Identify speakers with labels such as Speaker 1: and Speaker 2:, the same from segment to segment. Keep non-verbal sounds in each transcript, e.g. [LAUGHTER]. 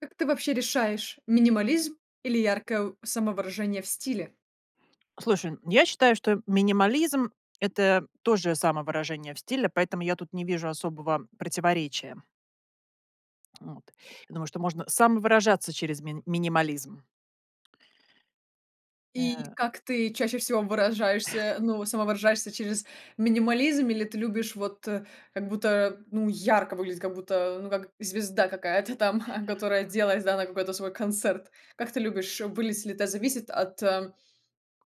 Speaker 1: Как ты вообще решаешь минимализм или яркое у самовыражение в стиле?
Speaker 2: Слушай, я считаю, что минимализм- это тоже самовыражение в стиле, поэтому я тут не вижу особого противоречия. Вот. Я думаю, что можно самовыражаться через мин минимализм.
Speaker 1: И
Speaker 2: Э.
Speaker 1: как ты чаще всего выражаешься,
Speaker 2: [CHUCKLES]
Speaker 1: ну, самовыражаешься через минимализм, или ты любишь вот, как будто ну, ярко выглядеть, как будто ну как звезда какая-то там а, которая оделась, да, на какой-то свой концерт? Как ты любишь выглядеть ли это зависит от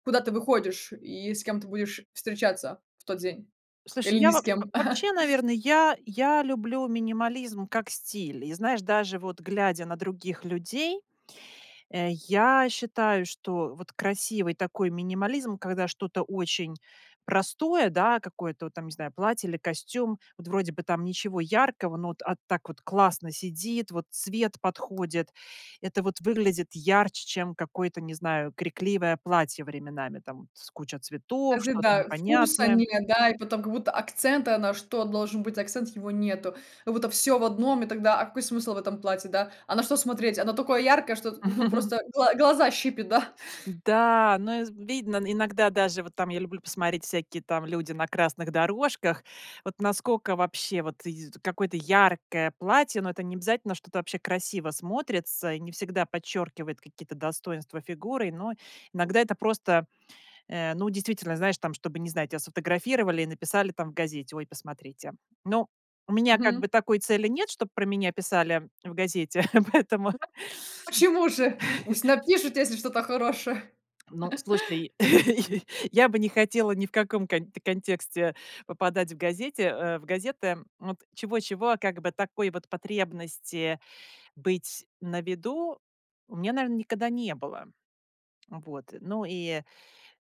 Speaker 1: куда ты выходишь, и с кем ты будешь встречаться в тот день?
Speaker 2: Слушай,
Speaker 1: Или ни
Speaker 2: я во
Speaker 1: с кем.
Speaker 2: в
Speaker 1: [CHUCKLES]
Speaker 2: вообще, наверно, я я люблю минимализм как стиль, и знаешь, даже вот глядя на других людей, э, я считаю, что вот красивый такой минимализм, когда что-то очень простое, да, какое-то вот там, не знаю, платье или костюм вот вроде бы там ничего яркого, но вот, а так вот классно сидит, вот цвет подходит. Это вот выглядит ярче, чем какое-то, не знаю, крикливое платье временами, там вот с куча цветов,
Speaker 1: Кстати
Speaker 2: что-то
Speaker 1: да, вкуса
Speaker 2: непонятное.
Speaker 1: нет да, и потом, как будто акцента, на что должен быть акцент, его нету, как будто всё в одном и тогда, а какой смысл в этом платье, да, а на что смотреть? Оно такое яркое, что тут, ну
Speaker 2: [CHUCKLES]
Speaker 1: просто гла глаза щипет, да? [CHUCKLES]
Speaker 2: Да, но и з видно, н иногда даже вот там я люблю посмотреть всякие там люди на красных дорожках вот насколько вообще вот й какое-то яркое платье, но это необязательно что это вообще красиво смотрится, и не всегда подчеркивает какие-то достоинства фигуры. Но иногда это просто, э, ну, действительно, знаешь, там чтобы, не знаю, тебя сфотографировали и написали там в газете: "Ой, посмотрите". Ну у меня как
Speaker 1: Мгм.
Speaker 2: бы такой цели нет, чтоб про меня писали в газете, [CHUCKLES] поэтому.
Speaker 1: [UNINTELLIGIBLE] Почему же, пусть
Speaker 2: [CHUCKLES]
Speaker 1: напишут, если что-то хорошее.
Speaker 2: Ну,
Speaker 1: [CHUCKLES]
Speaker 2: слушай, [CHUCKLES] я бы не хотела ни в каком кон контексте попадать в газете, э, в газеты. Вот чего-чего, а как бы такой вот потребности быть на виду у меня, наверно, никогда не было. Вот. Ну и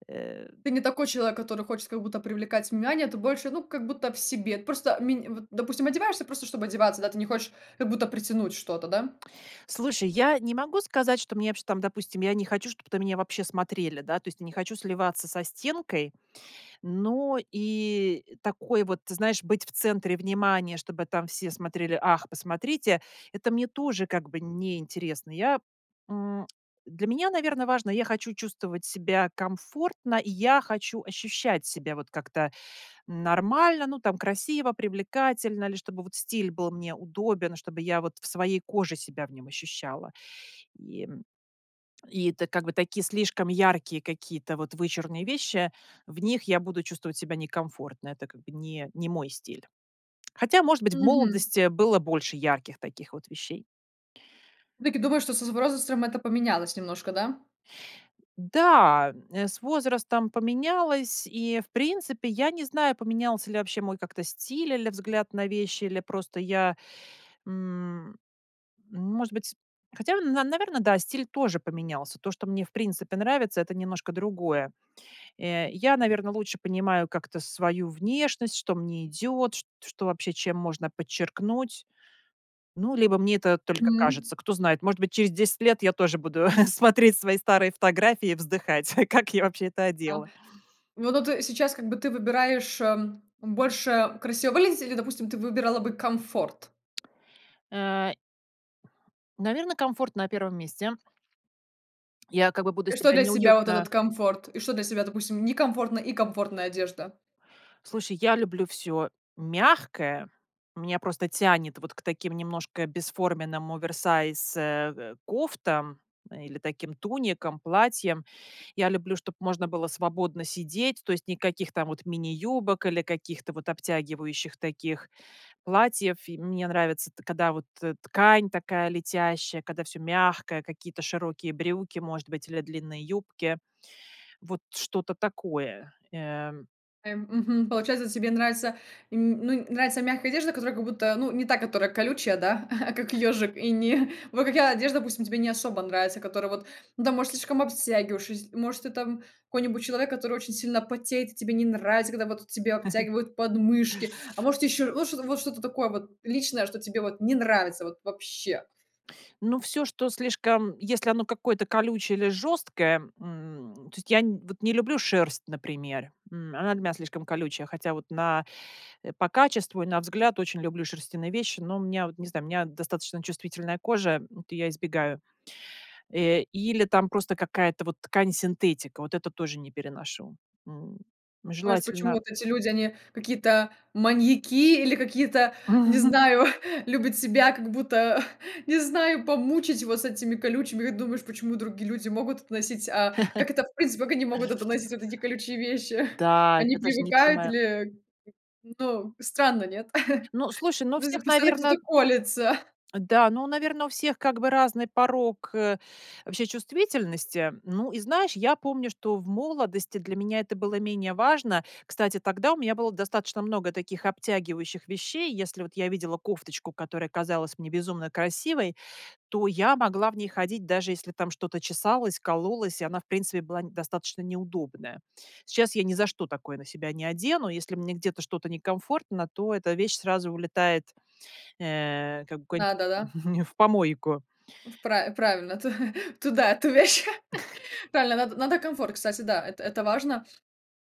Speaker 2: э.
Speaker 1: Ты не такой человек, который хочет, как будто привлекать внимание, ты больше ну, как будто в себе. Просто, мин вот, допустим, одеваешься просто, чтобы одеваться да, ты не хочешь, как будто притянуть что-то, да?
Speaker 2: Слушай, я не могу сказать, что мне вообще там, допустим, я не хочу, чтоб на меня вообще смотрели, да. То есть я не хочу сливаться со стенкой, но и такое вот ты знаешь, быть в центре внимания, чтобы там все смотрели: "Ах, посмотрите"- это мне тоже как бы неинтересно. Я, м, [CLICKS TONGUE] для меня, наверно, важно я хочу чувствовать себя комфортно, и я хочу ощущать себя вот как-то нормально. Ну там красиво, привлекательно или чтобы вот стиль был мне удобен, чтобы я вот в своей коже себя в нем ощущала. И, м и это как бы такие слишком яркие какие-то вот вычурные вещи в них я буду чувствовать себя некомфортно. Это как бы не не мой стиль. Хотя, может быть, в
Speaker 1: Мгм.
Speaker 2: молодости было больше ярких таких вот вещей.
Speaker 1: Все-таки думаю, что со возрастом это поменялось немножко, да?
Speaker 2: Да, м, с возрастом поменялось, и в принципе, я не знаю поменялся ли вообще мой как-то стиль или взгляд на вещи или просто я, м может быть Хотя на наверно да, стиль тоже поменялся. То, что мне в принципе нравится- это немножко другое. Э, я, наверно, лучше понимаю как-то свою внешность, что мне идет, чт что вообще чем можно подчеркнуть. Ну, либо мне это только
Speaker 1: М.
Speaker 2: кажется, кто знает, может быть, через 10 лет я тоже буду [CHUCKLES] смотреть свои старые фотографии и вздыхать: как я вообще это
Speaker 1: Да.
Speaker 2: одела?
Speaker 1: Вот ну ты сейчас как бы ты выбираешь, эм, больше красиво выглядеть или, допустим, ты выбирала бы комфорт?
Speaker 2: Э наверно, комфорт на 1 месте. Я как бы буду
Speaker 1: И что
Speaker 2: себя
Speaker 1: для тебя вот
Speaker 2: неуютно
Speaker 1: этот комфорт, и что для тебя допустим, некомфортная и комфортная одежда?
Speaker 2: Слушай, я люблю всё мягкое. Меня просто тянет вот к таким немножко бесформенным оверсайз, э, кофтам или таким туникам, платьям. Я люблю, чтоб можно было свободно сидеть, то есть никаких там вот мини-юбок или каких-то вот обтягивающих таких платьев. И мне нравится т когда вот ткань такая летящая, когда всё мягкое, какие-то широкие брюки может быть, или длинные юбки, вот что-то такое, эм.
Speaker 1: Эм, мгм. Получается тебе нравится, м, ну нравится мягкая одежда, которая, как будто ну, не та, которая колючая, да, [CHUCKLES] а, как ёжик. И не [CHUCKLES] вот какая одежда, допустим, тебе не особо нравится, которая вот ну, там может слишком обтягиваюш? Если может ты там какой-нибудь человек, который очень сильно потеет и тебе не нравится, когда вот тебе
Speaker 2: [CHUCKLES]
Speaker 1: обтягивают подмышки? А может еще вот что-то вот что-то такое вот личное, что тебе вот не нравится вот вообще?
Speaker 2: Ну всё, что слишком если оно какое-то колючее или жесткое, м, то есть я н вот не люблю шерсть, например, м, она для меня слишком колючая, хотя вот на э, по качеству, и на взгляд очень люблю шерстяные вещи, но у меня вот не знаю у меня достаточно чувствительная кожа, м, от я избегаю. Э, или там просто какая-то вот ткань синтетика, вот это тоже не переношу, м,
Speaker 1: Думаешь: почему
Speaker 2: желательно
Speaker 1: вот эти люди, они какие-то маньяки или какие-то, не
Speaker 2: Мгм.
Speaker 1: знаю, [CHUCKLES] любят себя, как будто [CHUCKLES] не знаю помучить вот с этими колючими как думаешь, почему другие люди могут это носить, а как это,
Speaker 2: [CHUCKLES]
Speaker 1: в принципе, как они могут это носить вот эти колючие вещи? [CHUCKLES]
Speaker 2: Да,
Speaker 1: Они
Speaker 2: я даже не
Speaker 1: привыкают
Speaker 2: понимаю.
Speaker 1: или ну, странно нет?
Speaker 2: Ну,
Speaker 1: [CHUCKLES]
Speaker 2: слушай, ну у
Speaker 1: Hу это
Speaker 2: всех
Speaker 1: постоянно
Speaker 2: наверно
Speaker 1: кто-то колется. [CHUCKLES]
Speaker 2: да, ну, наверно у всех как бы разный порог вообще чувствительности. Ну, и знаешь, я помню, что в молодости для меня это было менее важно. Кстати, тогда у меня было достаточно много таких обтягивающих вещей. Если вот я видела кофточку, которая казалась мне безумно красивой, то я могла в ней ходить даже если там что-то чесалось, кололось и она в принципе была н достаточно неудобная. Сейчас я ни за что такое на себя не одену. Если мне где-то, что-то некомфортно, то эта вещь сразу улетает, э, как бы куда-нибудь
Speaker 1: Да-да-да.
Speaker 2: [CHUCKLES] в помойку.
Speaker 1: Ф пра правильно, ту [CHUCKLES] туда эту вещь! [CHUCKLES]
Speaker 2: [CHUCKLES]
Speaker 1: Правильно надо надо комфорт, кстати, да, это это важно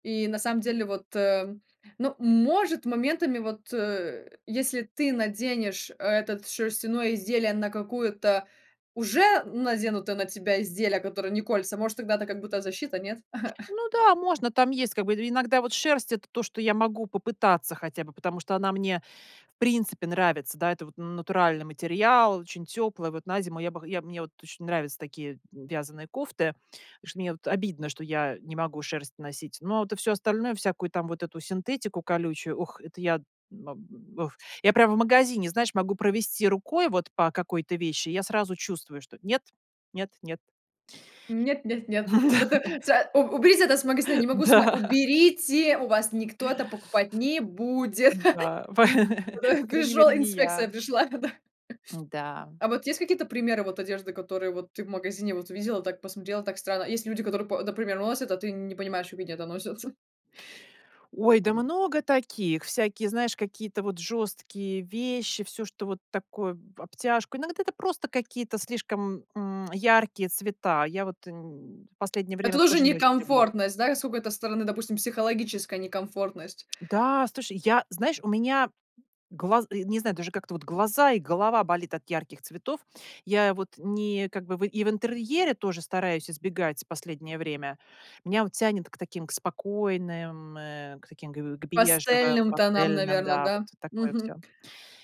Speaker 1: и на самом деле вот, э, ну, может, моментами вот, э, если ты наденешь этот шерстяное изделие на какую-то уже наденуто на тебя изделие, которое не колется, может тогда это как будто защита, нет? [CHUCKLES]
Speaker 2: Ну да, можно, там есть как бы, и иногда вот шерсть- это то, что я могу попытаться хотя бы, потому что она мне в принципе нравится, да, это вот натуральный материал, очень теплая, вот на зиму я бы хо я б мне вот очень нравятся такие, м, вязаные кофты. Что мне вот обидно, что я не могу шерсть носить, но вот, а всё остальное, всякую там вот эту синтетику колючую, ух, это я мам ух я прямо в магазине, знаешь, могу провести рукой вот по какой-то вещи, и я сразу чувствую, что: нет, нет, нет.
Speaker 1: Нет нет нет! Надо са у уберите это c магазина,
Speaker 2: [LAUGHS]
Speaker 1: не могу
Speaker 2: Да, я
Speaker 1: смо
Speaker 2: да.
Speaker 1: Уберите! У вас никто это покупать не будет!
Speaker 2: Да. По
Speaker 1: [CHUCKLES] Туда
Speaker 2: [LAUGHS]
Speaker 1: и
Speaker 2: по крайней
Speaker 1: пришел
Speaker 2: мере, не я.
Speaker 1: инспекция, пришла да. [CHUCKLES]
Speaker 2: М-да.
Speaker 1: А вот есть какие-то примеры вот одежды, которые вот ты в магазине вот увидела, так посмотрела, так странно. Есть люди, которые, по например, носят, а ты не понимаешь, как они это носят? [CHUCKLES]
Speaker 2: Ой, да много таких! Всякие, знаешь, какие-то вот жесткие вещи, всё, что вот такое в обтяжку иногда это просто какие-то слишком, м, яркие цвета. Я вот н последнее
Speaker 1: Это
Speaker 2: время
Speaker 1: тоже
Speaker 2: тоже не очень люблю.
Speaker 1: некомфортность, да? Как с какой-то стороны, допустим, психологическая некомфортность?
Speaker 2: Да, слушай, я знаешь, у меня глаз э, не знаю, даже как-то вот глаза и голова болит от ярких цветов. Я вот ни как бы в и в интерьере тоже стараюсь избегать в последнее время. Меня вот тянет к таким, к спокойным, э, к таким к к к бежевым,
Speaker 1: Пастельным тонам,
Speaker 2: пастельным
Speaker 1: наверно,
Speaker 2: да. Вот
Speaker 1: да?
Speaker 2: такое
Speaker 1: Мгм.
Speaker 2: всё.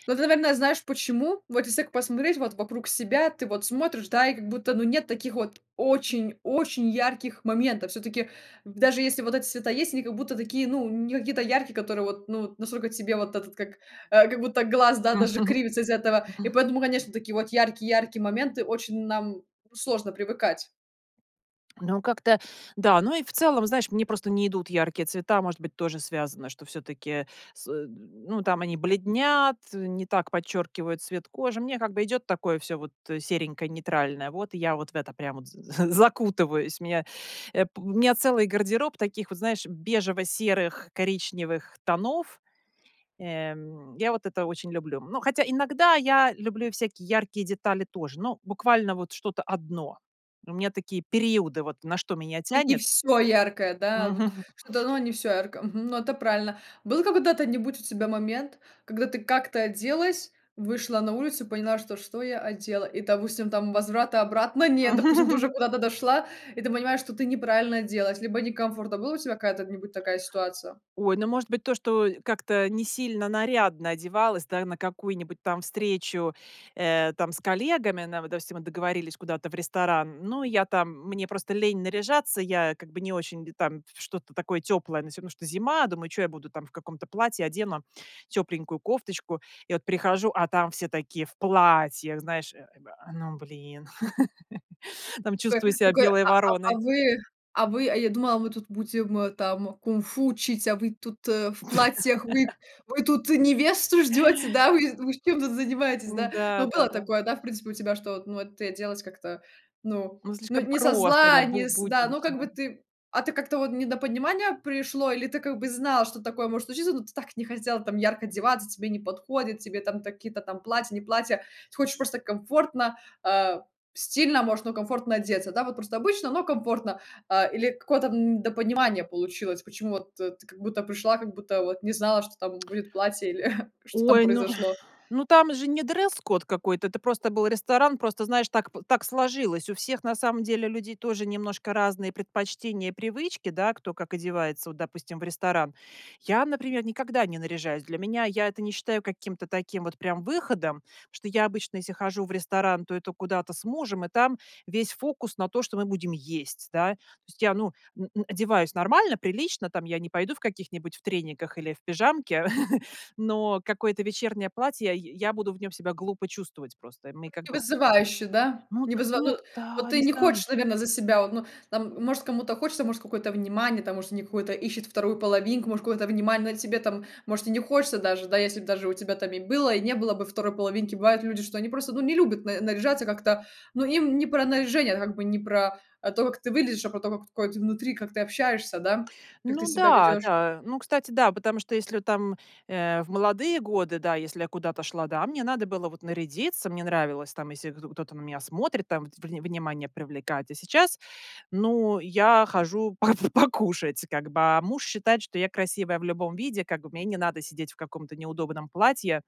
Speaker 1: Ну ты, наверное, знаешь почему? Вот если так посмотреть вот вокруг себя, ты вот смотришь, да, и, как будто, ну нет таких вот очень-очень ярких моментов. Всё-таки даже если вот эти цвета есть, они, как будто такие, ну, не какие-то яркие, которые вот, ну вот, насколько тебе вот этот, как, э, как будто глаз, да,
Speaker 2: М.
Speaker 1: даже
Speaker 2: [CHUCKLES]
Speaker 1: кривится из-за этого. И поэтому, конечно, такие вот яркие яркие моменты очень нам, ну, сложно привыкать.
Speaker 2: Ну, как-то да. Ну и в целом, знаешь, мне просто не идут яркие цвета. Может быть тоже связано, что все-таки с н ну там они бледнят, не так подчеркивают цвет кожи. Мне как бы идет такое всё вот серенькое, нейтральное, вот и я вот в это прямо вот з з закутываюсь, меня, э, п у меня целый гардероб таких вот, знаешь, бежево-серых, коричневых тонов. Э, м, я вот это очень люблю. Но хотя иногда я люблю и всякие яркие детали тоже, но буквально вот что-то 1. У меня такие периоды, вот на что меня
Speaker 1: Ин и
Speaker 2: тянет.
Speaker 1: всё яркое, да?
Speaker 2: М.
Speaker 1: Вот
Speaker 2: [CHUCKLES]
Speaker 1: что-то но не всё яркое мгм, ну, это правильно. Был когда-то нибудь у тебя момент, когда ты как-то оделась, вышла на улицу и поняла, что: что я одела и, допустим, там возврата обратно нет, допустим, ты уже
Speaker 2: [CHUCKLES]
Speaker 1: куда-то дошла, и ты понимаешь, что ты неправильно оделась, либо некомфортно. Была у тебя какая-то нибудь такая ситуация?
Speaker 2: Ой, ну, может быть, то, что как-то несильно нарядно одевалась, да, на какую-нибудь там встречу, э, там с коллегами, на вот допустим, мы договорились куда-то в ресторан, ну я там мне просто лень наряжаться, я как бы не очень д там в что-то такое теплое, ну всё равно что зима, думаю: "Чё я буду там в каком-то платье, одену тепленькую кофточку". И вот прихожу- а там все такие в платьях, знаешь, э, бэ ну блин, [LAUGHS] там чувствую
Speaker 1: Такой
Speaker 2: себя
Speaker 1: такой:
Speaker 2: белой
Speaker 1: "A а а
Speaker 2: вороной.
Speaker 1: вы а вы а я думала, мы тут будем там кунг-фу учить, а вы тут в платьях, вы вы тут
Speaker 2: [LAUGHS]
Speaker 1: невесту ждете, да? Вы вы чем тут занимаетесь, да?" Ну, было
Speaker 2: Да-да-да.
Speaker 1: такое, да, в принципе у тебя, что ну вот ты оделась как-то ну
Speaker 2: Ну
Speaker 1: ну
Speaker 2: слишком
Speaker 1: не со
Speaker 2: просто, да.
Speaker 1: зла,
Speaker 2: Бу
Speaker 1: не с да. Ну как бы
Speaker 2: буднично.
Speaker 1: ты, а ты как-то вот недопонимание пришло, или ты как бы знала, что такое может случиться, но ты так не хотела там ярко одеваться, тебе не подходит, тебе там такие-то там платья, не платья, ты хочешь просто комфортно, а, стильно может, но комфортно одеться, да вот, просто обычно, но комфортно. А или какое-то, м, недопонимание получилось, почему вот ты, как будто пришла, как будто вот не знала, что там будет платье или [CHUCKLES] что там
Speaker 2: Ой, ну
Speaker 1: произошло?
Speaker 2: ну там же не дресс-код какой-то, это просто был ресторан, просто знаешь так п так сложилось. У всех на самом деле людей тоже немножко разные предпочтения и привычки, да. Кто как одевается вот допустим в ресторан. Я, например, никогда не наряжаюсь. Для меня я это не считаю каким-то таким вот прям выходом, что я обычно, если хожу в ресторан, то это куда-то с мужем, и там весь фокус на то, что мы будем есть, да. То есть я, ну, н н одеваюсь нормально, прилично, там я не пойду в каких-нибудь в трениках или в пижамке. [CHUCKLES] Но какое-то вечернее платье, я я буду в нем себя глупо чувствовать просто, мне
Speaker 1: Ну
Speaker 2: как
Speaker 1: не
Speaker 2: бы х
Speaker 1: вызывающе, да?
Speaker 2: Ну
Speaker 1: Не
Speaker 2: д
Speaker 1: вызы ну
Speaker 2: ну
Speaker 1: вот
Speaker 2: да,
Speaker 1: вот ты
Speaker 2: не
Speaker 1: не
Speaker 2: знаю.
Speaker 1: хочешь, наверно, за себя вот, ну, там может, кому-то хочется, может, какое-то внимание там, может, они какое-то ищет вторую половинку, может, какое-то внимание на тебе там, может и не хочется даже да, если б даже у тебя там и было, и не было бы второй половинки. Бывает люди, что они просто ну не любят на наряжаться как-то, ну им не про наряжение, как бы не про, а, то, как ты выглядишь, а про то, как ой ты внутри, как ты общаешься да, как ты
Speaker 2: Ну
Speaker 1: себя
Speaker 2: да,
Speaker 1: ведешь.
Speaker 2: да. Ну кстати, да, потому что если вот там, э, в молодые годы, да, если я куда-то шла, да, мне надо было вот нарядиться. Мне нравилось там если гдо кто-то на меня смотрит там, врне внимание привлекать. А сейчас ну, я хожу по покушать как бы, а муж считает, что я красивая в любом виде как бы, мне и не надо сидеть в каком-то неудобном платье,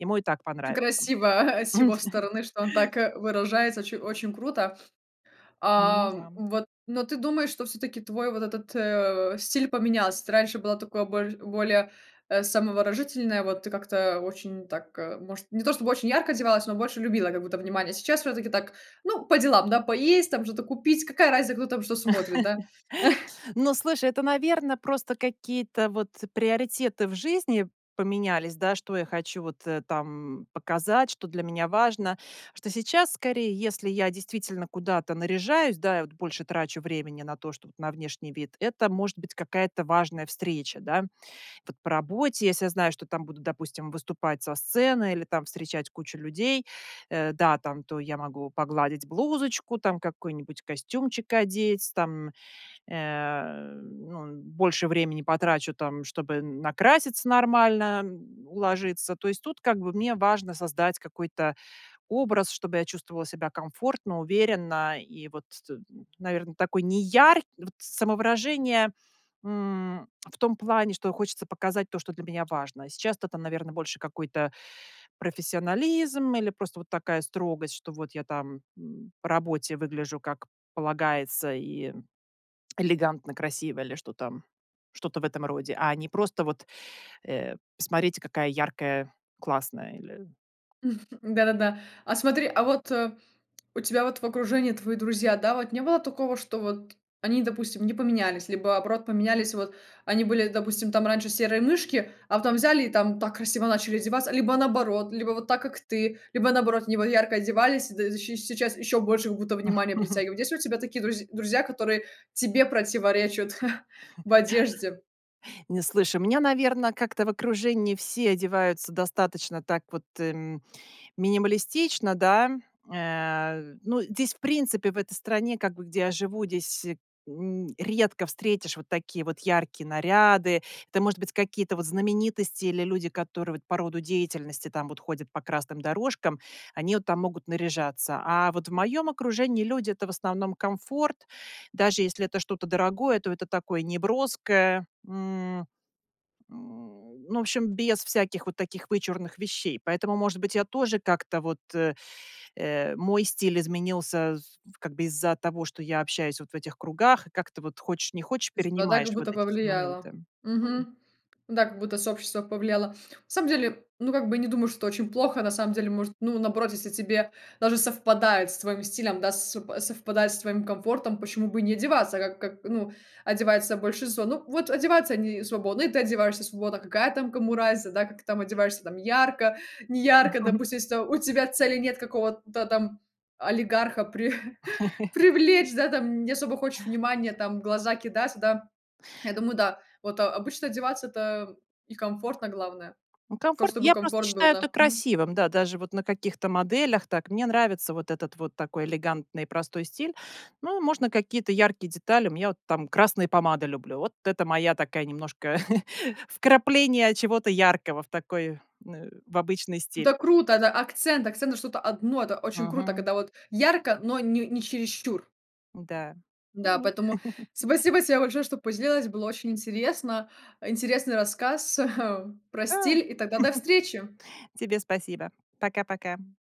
Speaker 2: ему и так
Speaker 1: И
Speaker 2: понравится.
Speaker 1: красиво [CHUCKLES] с его
Speaker 2: [CHUCKLES]
Speaker 1: стороны, что он так, э, выражается, оч очень круто. [SNIFFS]
Speaker 2: Ну
Speaker 1: А,
Speaker 2: да.
Speaker 1: вот ну ты думаешь, что все-таки твой вот этот, э, стиль поменялся? Ты раньше была такой больш более, э, самовыражающаяся вот ты как-то очень так, э, может, не то чтобы очень ярко одевалась, но больше любила, как будто внимание. Сейчас все-таки так, ну, по делам, да, поесть там, что-то купить, какая разница, кто там, что смотрит, да? [CHUCKLES]
Speaker 2: [CHUCKLES] Ну, слушай, это, наверно, просто какие-то вот приоритеты в жизни поменялись, да, что я хочу вот, э, там показать, что для меня важно, что сейчас скорее, если я действительно куда-то наряжаюсь, да, и вот больше трачу времени на то, чтоб вот на внешний вид, это может быть какая-то важная встреча, да. Вот по работе, если я знаю, что там будут, допустим, выступать со сцены, или там встречать кучу людей, э, да, там то я могу погладить блузочку, там какой-нибудь костюмчик одеть. Там, э, ну, больше времени потрачу там, чтобы н накраситься нормально, м, уложиться. То есть тут как бы мне важно создать какой-то образ, чтобы я чувствовала себя комфортно, уверенно и вот т наверно, такой неяркий вот самовыражение, м, в том плане, что хочется показать то, что для меня важно. Сейчас-то это, наверно, больше какой-то профессионализм или просто вот такая строгость, что вот я там, м, по работе выгляжу как полагается и элегантно, красиво или что там, что-то в этом роде, а не просто вот э: "Посмотрите какая яркая, классная или"
Speaker 1: [CHUCKLES] Да-да-да. А смотри, а вот у тебя вот в окружении твои друзья, да вот, не было такого, что вот они, допустим, не поменялись, либо наоборот поменялись вот, они были допустим там раньше серые мышки, а потом взяли и там так красиво начали одеваться, либо наоборот? Либо вот так, как ты, либо наоборот они вот ярко одевались д и щ с сейчас еще больше, как будто внимания
Speaker 2: [CHUCKLES]
Speaker 1: притягивают. Есть ли у тебя такие друзь друзья, которые тебе противоречат [CHUCKLES] в
Speaker 2: [CHUCKLES]
Speaker 1: одежде?
Speaker 2: Не, слушaй. У меня, наверно, как-то в окружении все одеваются достаточно так вот, эм, минималистично, да. Э ну, здесь в принципе, в этой стране, как бы где я живу, здесь н редко встретишь вот такие вот яркие наряды. Это может быть какие-то вот знаменитости, или люди, которые вот по роду деятельности там вот ходят по красным дорожкам. Они от там могут наряжаться. А вот в моем окружении люди- это в основном комфорт, даже если это что-то дорогое, то это такое неброское. М м ну, в общем, без всяких вот таких вычурных вещей. Поэтому, может быть, я тоже как-то вот э э, мой стиль изменился з в как бы из-за того, что я общаюсь вот в этих кругах и как-то вот, хочешь не хочешь,
Speaker 1: [UNINTELLIGIBLE] Да,
Speaker 2: перенимаешь
Speaker 1: как
Speaker 2: вот
Speaker 1: будто
Speaker 2: эти все моменты.
Speaker 1: повлияло.
Speaker 2: Мгм.
Speaker 1: Мгм, да, как будто сообщество повлияло. На самом деле, ну, как бы я не думаю, что это очень плохо. На самом деле, может, ну, наоборот, если тебе даже совпадает с твоим стилем да, с совпадает с твоим комфортом, почему бы и не одеваться, как как, ну, одевается большинство? Ну вот одеваются они свободно, и ты одеваешься свободно. Какая там кому разница, да? Как ты там одеваешься там ярко, неярко,
Speaker 2: [CHUCKLES]
Speaker 1: допустим, если там у тебя цели нет какого-то там олигарха при [CHUCKLES]
Speaker 2: [CHUCKLES]
Speaker 1: привлечь да там, не особо хочешь внимания там, в глаза кидаться, да. Я думаю, да. Вот о обычно одеваться- это и комфортно, главное.
Speaker 2: Ну
Speaker 1: Ка
Speaker 2: комфорт
Speaker 1: чтобы
Speaker 2: я просто
Speaker 1: комфорт был,
Speaker 2: считаю это
Speaker 1: да. Мгм.
Speaker 2: красивым, да, даже вот на каких-то моделях так, мне нравится вот этот вот такой элегантный и простой стиль, ну можно какие-то яркие детали. У меня вот там красные помады люблю, вот это моя такая немножко [CHUCKLES] вкрапление чего-то яркого в такой, э, в обычный стиль.
Speaker 1: Это круто, это акцент акцент на что-то 1, это очень круто,
Speaker 2: Мгм.
Speaker 1: когда вот ярко, но н не чересчур.
Speaker 2: Да. Ну
Speaker 1: Да,
Speaker 2: вот.
Speaker 1: поэтому
Speaker 2: [CHUCKLES]
Speaker 1: спасибо тебе большое, что поделилась, было очень интересно. Интересный рассказ [CHUCKLES] про
Speaker 2: Да. [CHUCKLES]
Speaker 1: стиль и тогда до встречи!
Speaker 2: Тебе спасибо. Пока-пока.